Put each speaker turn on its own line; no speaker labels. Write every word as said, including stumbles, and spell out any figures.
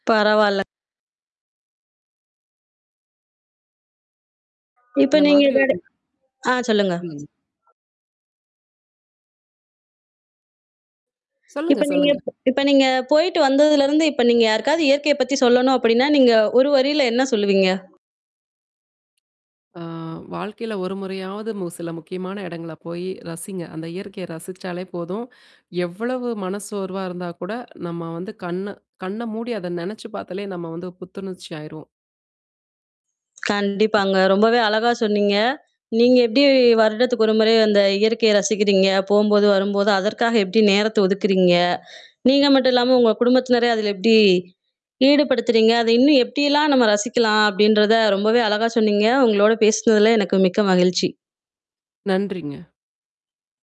பரவால்ல. இப்ப
இந்த மாதிரி
நீங்க
ஒரு
ஆ [unintelligible] சொல்லுங்க.
சொல்லுங்க.
இப்ப
சொல்லுங்க
நீங்க
சொல்லுங்க.
இப்ப நீங்க போயிட்டு வந்ததுல இருந்து, இப்ப நீங்க யாருக்காவது இயற்கையப் பத்தி சொல்லணும் அப்படீன்னா, நீங்க ஒரு வரியில என்ன சொல்லுவீங்க?
ஆ வாழ்க்கையில ஒரு முறையாவது மு சில முக்கியமான இடங்கள போயி ரசிங்க. அந்த இயற்கைய ரசிச்சாலே போதும். எவ்வளவு மனச்சோர்வா இருந்தா கூட, நம்ம வந்து கண்ண கண்ண மூடி அத நெனைச்சு பாத்தாலே, நம்ம வந்து புத்துணர்ச்சி ஆயிருவோம்.
கண்டிப்பாங்க ரொம்பவே அழகா சொன்னீங்க. நீங்க எப்டி, வருடத்துக்கு ஒரு ஒரு முறை அந்த இயற்கைய ரசிக்கிறீங்க? போம்போது, வரும்போது, அதற்காக எப்படி நேரத்த ஒதுக்குறீங்க? நீங்க மட்டுமில்லாம உங்க குடும்பத்தினரை அதுல எப்டி ஈடுபடுத்துறீங்க? அத இன்னும் எப்டி எல்லாம் நம்ம ரசிக்கலாம்? அப்படிங்கிறதை ரொம்பவே அழகா சொன்னீங்க. உங்களோட பேசுனதுல எனக்கு மிக்க மகிழ்ச்சி.
நன்றிங்க.